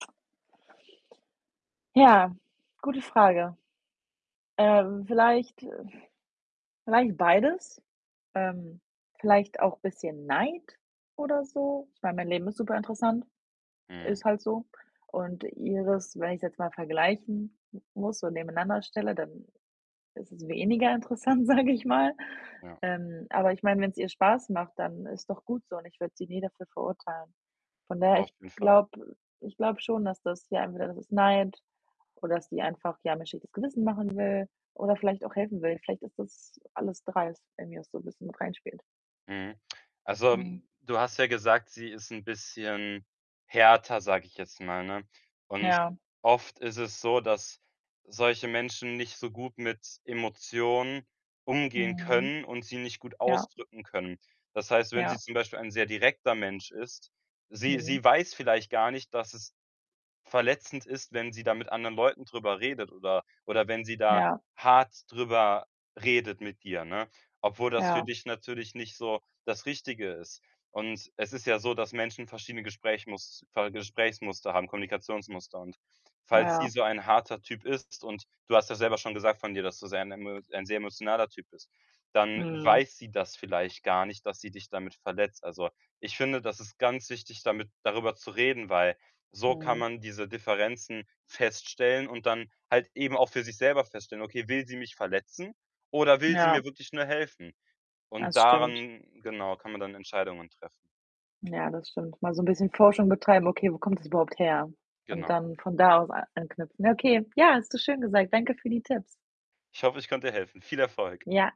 Ja, gute Frage. Ähm, vielleicht äh, vielleicht beides, ähm, vielleicht auch bisschen Neid oder so. Ich meine, mein Mhm. Leben ist superinteressant, Mhm. ist halt so. Und ihres, wenn ich's jetzt mal vergleichen m muss, so nebeneinander stelle, dann ist es weniger interessant, sage ich mal. Ja. Ähm, aber ich meine, wenn's ihr Spaß macht, dann ist doch gut so, und ich würde sie nie dafür verurteilen. Von daher, Auf ich jeden Fall. glaube ich glaube schon, dass das ja, entweder das ist Neid oder dass die einfach, ja, mir 'n schlechtes Gewissen machen will oder vielleicht auch helfen will. Vielleicht ist das alles 3, wenn bei mir so 'n bisschen mit reinspielt. Mhm. Also, Mhm. du hast ja gesagt, sie ist 'n bisschen härter, sage ich jetzt mal, ne? Und Ja. oft ist es so, dass solche Menschen nicht so gut mit Emotionen umgehen Mhm. können und sie nicht gut Ja. ausdrücken können. Das heißt, wenn sie Ja. zum Beispiel ein sehr direkter Mensch ist sie Mhm. sie weiß vielleicht gar nicht, dass es verletzend ist, wenn sie da mit anderen Leuten drüber redet oder oder wenn sie da Ja. hart drüber redet mit dir, ne, obwohl das für Ja. dich natürlich nicht so das Richtige ist. Und es ist ja so, dass Menschen verschiedene Gesprächmuster Gesprächsmuster haben, Kommunikationsmuster. Und falls sie Ja. so ein harter Typ ist, und du hast ja selber schon gesagt von dir, dass du sehr ein emo ein sehr emotionaler Typ bist, dann Mhm. weiß sie das vielleicht gar nicht, dass sie dich damit verletzt. Also, ich finde, das ist ganz wichtig, damit darüber zu reden, weil so kann Mhm. man diese Differenzen feststellen und dann halt eben auch für sich selber feststellen: „Okay, will sie mich verletzen oder will sie mir Ja. wirklich nur helfen?“ Und Das stimmt. daran, genau, kann man dann Entscheidungen treffen. Ja, das stimmt. Mal so 'n bisschen Forschung betreiben, „okay, wo kommt das überhaupt her?“ Und Genau. dann von da aus a anknüpfen. Ne, okay. Ja, hast du schön gesagt. Danke für die Tipps. Ich hoffe, ich konnte dir helfen. Viel Erfolg. Ja.